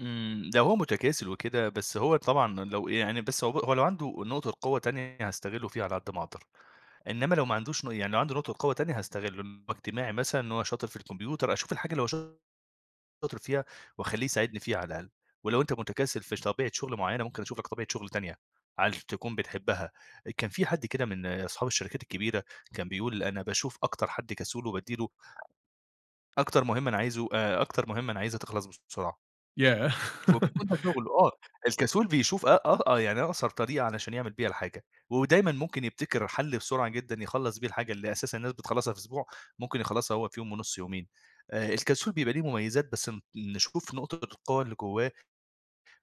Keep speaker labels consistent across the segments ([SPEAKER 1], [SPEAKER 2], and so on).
[SPEAKER 1] إمم، لو هو متكاسل وكده بس هو طبعًا لو يعني بس هو ب هو لو عنده نقطة قوة تانية هاستغله فيها على قد ما اقدر، إنمّا لو ما عندوش ن يعني لو عنده نقطة قوة تانية هاستغله، إن هو اجتماعي مثلًا، إن هو شاطر في الكمبيوتر، أشوف الحاجة اللي هو ش شاطر فيها واخلّيه يساعدني فيها على الأقل، ولو أنت متكاسل في ش طبيعة شغل معيّنة ممكن اشوف لك طبيعة شغل تانية علش تكون بتحبها آآ، كان في حد كده من اصحاب الشركات الكبيرة كان بيقول أنا باشوف أكتر حد كسول وبادّي له ...أكتر مهمة أنا عايزه آآ، أكتر مهمة أنا عايزها تخلص بسرعة.
[SPEAKER 2] ياه!
[SPEAKER 1] وبيكون ده شغله آه، الكسول بيشوف أ آه أ يعني أقصر طريقة علشان يعمل بيها الحاجة، ودايمًا ممكن يبتكر حَل بسرعة جدًا يخلّص بيه الحاجة اللي أساسًا الناس بتخلّصها في أسبوع، ممكن يخلّصها هو في يوم ونص يومين آآ، الكسول بيبقى ليه مميزات بس ن نشوف نقطة القوة اللي جوّاه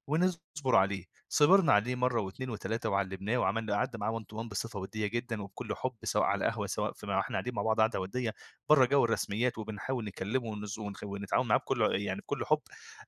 [SPEAKER 1] ونصبر عليه، صبرنا عليه مرّة، و2، و3 وعلمناه وعملنا قعدنا معاه one to one بصفة وديّة جدًا وبكل حب سواء على قهوة سواء في ما واحنا قاعدين مع بعض قاعدة وديّة برّا جو الرسميات، وبنحاول نكلمه ونز ونخ ونتعاون معاه بكل أ يعني بكل حب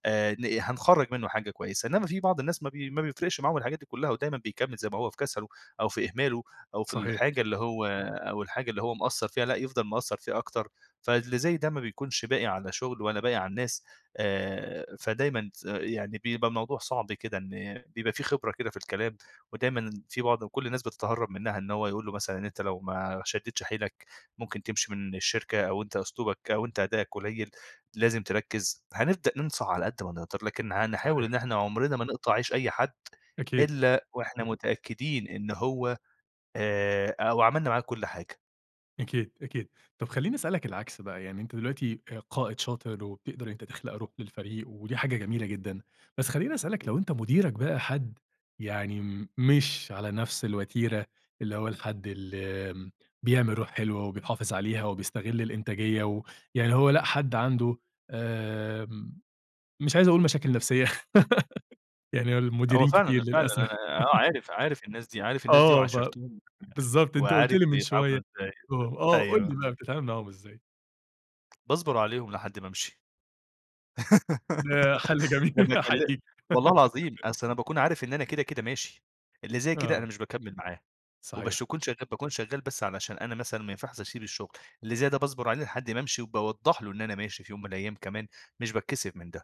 [SPEAKER 1] آآ ن هنخرّج منُّه حاجة كويسة، إنّما في بعض الناس ما بي ما بيفرقش معاهم الحاجات دي كلّها، ودايمًا بيكمّل زي ما هو في كسله أو في إهماله، أو في
[SPEAKER 2] صحيح.
[SPEAKER 1] الحاجة اللي هو أو الحاجة اللي هو مقصّر فيها لأ يفضل مقصّر فيها أكتر، فاللي زي ده ما بيكونش باقي على شغل، ولا باقي على الناس آآ فدايمًا تس يعني بيبقى الموضوع صعب كده إن بيبقى في خبرة كده في الكلام، ودايمًا إن في بعض وكل الناس بتتهرب منّها، إن هو يقول له مثلًا إن أنت لو ما شديتش حيلك ممكن تمشي من الشركة، أو أنت أسلوبك أو أنت أدائك قليل، لازم تركز، هنبدأ ننصح على قد ما نقدر، لكن هنحاول
[SPEAKER 2] صحيح.
[SPEAKER 1] إن إحنا عُمرنا ما نقطع عيش أي حد،
[SPEAKER 2] أكيد.
[SPEAKER 1] إلّا واحنا متأكدين إن هو آآ، أو عملنا معاه كل حاجة.
[SPEAKER 2] أكيد، أكيد، طب خلّيني اسألك العكس بقى، يعني أنت دلوقتي آآ، قائد شاطر، وبتقدر إن أنت تخلق روح للفريق ودي حاجة جميلة جدًا، بس خلّيني اسألك لو أنت مديرك بقى حد يعني م مش على نفس الوتيرة اللي هو الحد اللي م بيعمل روح حلوة وبيحافظ عليها، وبيستغل الإنتاجية و يعني اللي هو لأ، حد عنده آمم مش عايز اقول مشاكل نفسية يعني
[SPEAKER 1] هو
[SPEAKER 2] المديرين
[SPEAKER 1] فعلًا
[SPEAKER 2] كتير
[SPEAKER 1] ال فعلًا أنا
[SPEAKER 2] للأسف.
[SPEAKER 1] آه عارف عارف الناس دي، عارف الناس دي،
[SPEAKER 2] آه ف
[SPEAKER 1] وعاشرتهم، [unintelligible]
[SPEAKER 2] بالضبط أنت قُلت
[SPEAKER 1] وعارف
[SPEAKER 2] لي من شوية،
[SPEAKER 1] بيتعاملوا إزاي،
[SPEAKER 2] آه، آه، قُل
[SPEAKER 1] أيوه.
[SPEAKER 2] لي بقى بتتعامل معاهم ازاي؟
[SPEAKER 1] باصبر عليهم لحد ما امشي،
[SPEAKER 2] ده حَل
[SPEAKER 1] ده أنا
[SPEAKER 2] جميل.
[SPEAKER 1] كل
[SPEAKER 2] أحييك.
[SPEAKER 1] والله العظيم أصل أنا باكون عارف إن أنا كده كده ماشي، اللي زي كده أنا
[SPEAKER 2] آه.
[SPEAKER 1] مش باكمّل معاه، وباش
[SPEAKER 2] صحيح.
[SPEAKER 1] اكون شغال باكون شغال بس علشان أنا مثلًا ما ينفعش اسيب الشغل، اللي زي ده باصبر عليه لحد ما امشي، وباوضّح له إن أنا ماشي في يوم من الأيام كمان مش باتكّسف من ده.